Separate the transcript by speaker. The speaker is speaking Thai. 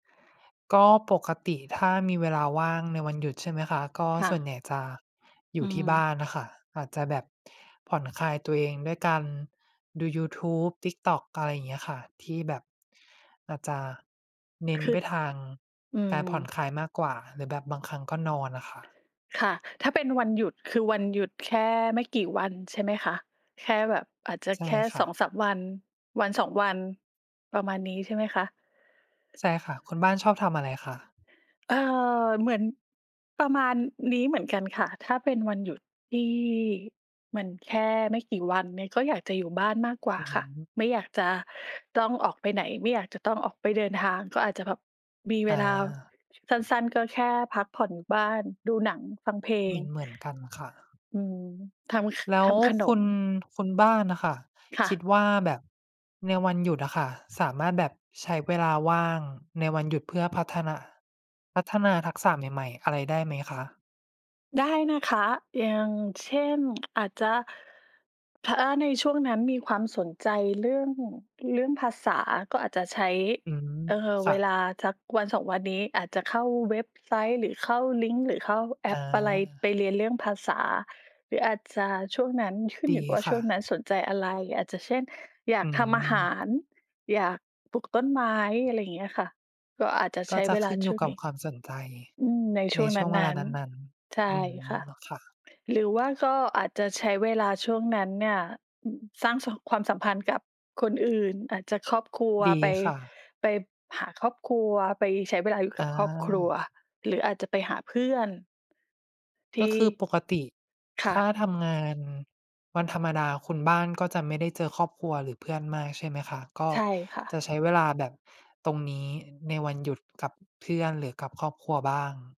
Speaker 1: ก็ปกติถ้ามีเวลาว่างในวันหยุด ใช่ไหมคะ? ก็
Speaker 2: ค่
Speaker 1: ส่ว
Speaker 2: ะ
Speaker 1: นใหญ่จะอย
Speaker 2: อ
Speaker 1: ู
Speaker 2: ื
Speaker 1: ่ที่บ้
Speaker 2: ม
Speaker 1: านอะค่ะ อาจจะแบบผ่อนคลายตัวเองด้วยการดูยูทูบ TikTok อะไรอย่างเงี้ยอะค่ะ ที่แบบอาจจะเน้
Speaker 2: ค
Speaker 1: น
Speaker 2: ื
Speaker 1: ไป
Speaker 2: อ
Speaker 1: ทาง
Speaker 2: อื
Speaker 1: การผ่อน
Speaker 2: ม
Speaker 1: คลาย มากกว่า หรือแบบบางครั้งก็นอนอะค่ะ
Speaker 2: ค่ะ ถ้าเป็นวันหยุด คือวันหยุดแค่ไม่กี่วันใช่มั้ยคะ? แค่แบบอาจจะ
Speaker 1: ใช่
Speaker 2: แค่
Speaker 1: ค
Speaker 2: ส
Speaker 1: ่
Speaker 2: อ
Speaker 1: ะ
Speaker 2: งสาม วัน 1-2 วัน ประมาณนี้ใช่มั้ยคะ?
Speaker 1: ใช่ค่ะ คุณบ้านชอบทำอะไรคะ?
Speaker 2: เอ่อ เหมือนประมาณนี้เหมือนกันค่ะ ถ้าเป็นวันหยุดที่เหมือนแค่ไม่กี่วันเนี่ย ก็อยากจะอยู่บ้านมากกว่า
Speaker 1: อื้อ
Speaker 2: ค่ะ
Speaker 1: ฮือ
Speaker 2: ไม่อยากจะต้องออกไปไหน ไม่อยากจะต้องออกไปเดินทาง ก็อาจจะแบบมีเว
Speaker 1: อ
Speaker 2: ลา
Speaker 1: า
Speaker 2: สั้น ๆ ก็แค่พักผ่อนอยู่บ้าน ดูหนัง ฟังเพล
Speaker 1: เ
Speaker 2: ง
Speaker 1: หมือน ๆ กันค่ะ
Speaker 2: อืม ทำ ข
Speaker 1: แล้
Speaker 2: ท
Speaker 1: ว
Speaker 2: ำขน
Speaker 1: คุ
Speaker 2: ม
Speaker 1: ณ คุณบ้านอะค่ะ
Speaker 2: ค่
Speaker 1: คิด
Speaker 2: ะ
Speaker 1: ว่าแบบในวันหยุดอะค่ะ สามารถแบบใช้เวลาว่างในวันหยุดเพื่อพัฒนา พัฒนาทักษะใหม่ ๆ อะไรได้ไหมคะ?
Speaker 2: ได้นะคะ อย่างเช่น อาจจะ ถ้า อ ในช่วงนั้นมีความสนใจเรื่อง เรื่องภาษาก็อาจจะใช้
Speaker 1: อืม
Speaker 2: เอ่อ
Speaker 1: ค่
Speaker 2: เวลา
Speaker 1: ะ
Speaker 2: สัก 1-2 วันนี้ อาจจะเข้าเว็บไซต์ หรือเข้าลิงก์ หรือเข้าแอ
Speaker 1: อ
Speaker 2: ปอะไร
Speaker 1: า
Speaker 2: ไปเรียนเรื่องภาษา หรืออาจจะช่วงนั้น ขึ้น
Speaker 1: ด
Speaker 2: อย
Speaker 1: ี
Speaker 2: ู่กับว่า
Speaker 1: ค
Speaker 2: ช
Speaker 1: ่
Speaker 2: ่วง
Speaker 1: ะ
Speaker 2: นั้นสนใจอะไร อาจจะเช่น อย
Speaker 1: อ
Speaker 2: า
Speaker 1: ื
Speaker 2: กทำอาหา
Speaker 1: ม
Speaker 2: ร อยากปลูกต้นไม้ อะไรเงี้ยค่ะ ก็อาจจะ
Speaker 1: ก
Speaker 2: ใช
Speaker 1: ็
Speaker 2: ้
Speaker 1: จะ
Speaker 2: เว
Speaker 1: ข
Speaker 2: ลา
Speaker 1: ึ้นอ
Speaker 2: ช
Speaker 1: ยู
Speaker 2: ่
Speaker 1: ่
Speaker 2: วง
Speaker 1: กับ
Speaker 2: นี้
Speaker 1: ความสนใจ
Speaker 2: อืม ในช
Speaker 1: ใน
Speaker 2: ่วง
Speaker 1: ช่วงเว
Speaker 2: น
Speaker 1: ล
Speaker 2: ั
Speaker 1: า
Speaker 2: ้น
Speaker 1: นั้น
Speaker 2: ๆ ใช
Speaker 1: ๆ อ
Speaker 2: ่
Speaker 1: ืม
Speaker 2: ค่ะ
Speaker 1: ค่ะ
Speaker 2: หรือว่าก็อาจจะใช้เวลาช่วงนั้นเนี่ย อ สร้างสัม ความสัมพันธ์กับคนอื่น อาจจะครอบครัว
Speaker 1: ดี
Speaker 2: ไป
Speaker 1: ค่ะ
Speaker 2: ไปหาครอบครัว ไปใช้เวลาอยู่ก
Speaker 1: อ
Speaker 2: ับครอบครัว
Speaker 1: า
Speaker 2: หรืออาจจะไปหาเพื่อน ท
Speaker 1: ก
Speaker 2: ี
Speaker 1: ็
Speaker 2: ่
Speaker 1: คือปกติ
Speaker 2: ค
Speaker 1: ถ
Speaker 2: ่
Speaker 1: ้
Speaker 2: ะ
Speaker 1: าทำงานวันธรรมดาคุณบ้านก็จะไม่ได้เจอครอบครัว หรือเพื่อนมาก ใช่ไหมคะ? ก็
Speaker 2: ใช่ค่
Speaker 1: จ
Speaker 2: ะ
Speaker 1: ะใช้เวลาแบบตรงนี้ในวันหยุดกับเพื่อน หรือกับ ครอบครัวบ้าง